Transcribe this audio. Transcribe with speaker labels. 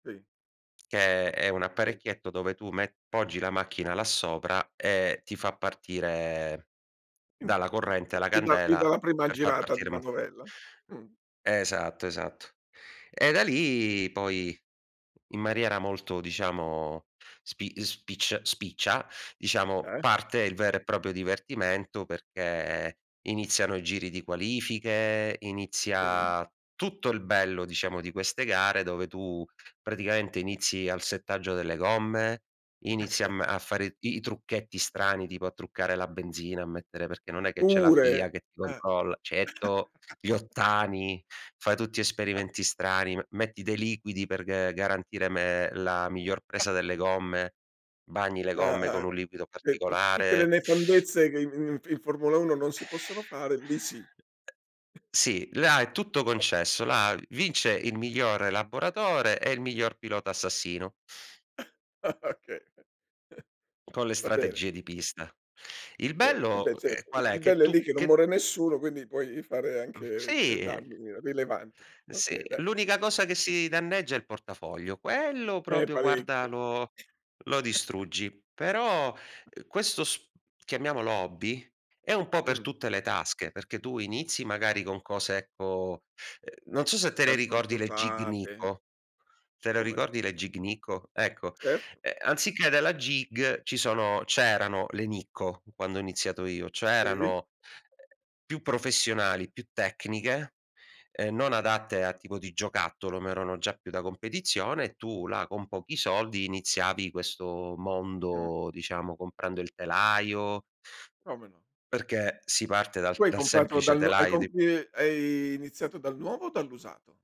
Speaker 1: Sì.
Speaker 2: Che è
Speaker 1: Okay,
Speaker 2: un
Speaker 1: sì.
Speaker 2: apparecchietto dove tu me poggi la macchina là sopra e ti fa partire
Speaker 1: Il
Speaker 2: dalla
Speaker 1: motore
Speaker 2: corrente
Speaker 1: sì.
Speaker 2: la
Speaker 1: Gli dà gli
Speaker 2: candela
Speaker 1: dà la prima
Speaker 2: per far
Speaker 1: girata di
Speaker 2: partire mort
Speaker 1: manovella? Mh.
Speaker 2: Esatto, esatto. E da lì poi in maniera molto, diciamo spi spiccia spiccia, diciamo
Speaker 1: Eh.
Speaker 2: parte il vero e proprio divertimento, perché iniziano i giri di qualifiche,
Speaker 1: Mh.
Speaker 2: inizia tutto il bello, diciamo, di queste gare dove tu praticamente inizi al settaggio delle gomme, inizia a m a fare i i trucchetti strani tipo a truccare la benzina, a mettere perché non è che c'è la
Speaker 1: Pure?
Speaker 2: FIA che ti
Speaker 1: Eh.
Speaker 2: controlla, certo, gli ottani, fai tutti esperimenti strani, me metti dei liquidi per g garantire me la miglior presa delle gomme, bagni le
Speaker 1: Eh-eh.
Speaker 2: gomme con un liquido
Speaker 1: Cioè tu tutte le
Speaker 2: particolare.
Speaker 1: nefandezze che i in in Formula Uno non si possono fare lì sì.
Speaker 2: Sì, là è tutto concesso. Là vince il miglior elaboratore e il miglior pilota assassino.
Speaker 1: Okay,
Speaker 2: Con le
Speaker 1: va bene.
Speaker 2: strategie di pista. Il
Speaker 1: Cer eh beh
Speaker 2: bello, ehm,
Speaker 1: certo. Il
Speaker 2: qual è?
Speaker 1: il
Speaker 2: Che
Speaker 1: bello è lì
Speaker 2: tu
Speaker 1: che non
Speaker 2: che
Speaker 1: muore nessuno quindi puoi fare
Speaker 2: Mh
Speaker 1: anche, eh,
Speaker 2: sì.
Speaker 1: danni rilevanti.
Speaker 2: Sì,
Speaker 1: Okay dai.
Speaker 2: l'unica cosa che si danneggia è il portafoglio, quello
Speaker 1: Eh
Speaker 2: proprio guarda
Speaker 1: parecchio.
Speaker 2: lo lo distruggi. Però, uhm, questo s chiamiamolo hobby è un po' per
Speaker 1: Mh.
Speaker 2: tutte le tasche, perché tu inizi magari con cose, ecco, uhm non
Speaker 1: Magari
Speaker 2: so
Speaker 1: com
Speaker 2: se te le
Speaker 1: magari compri
Speaker 2: ricordi le Gig
Speaker 1: usate.
Speaker 2: Nikko, te le
Speaker 1: Come no?
Speaker 2: ricordi le Gig Nikko? Ecco,
Speaker 1: Certo.
Speaker 2: ehm, anziché della Gig ci sono c'erano le Nikko quando ho iniziato io, cioè
Speaker 1: Sì.
Speaker 2: erano più professionali, più tecniche, uhm, non adatte a tipo di giocattolo, ma erano già più da competizione. Tu là con pochi soldi iniziavi questo
Speaker 1: Mh.
Speaker 2: mondo, diciamo comprando il telaio.
Speaker 1: Come no.
Speaker 2: Perché si parte dal
Speaker 1: Tu hai
Speaker 2: dal
Speaker 1: comprato
Speaker 2: semplice
Speaker 1: dal no hai
Speaker 2: telaio di
Speaker 1: compi hai iniziato dal nuovo o dall'usato?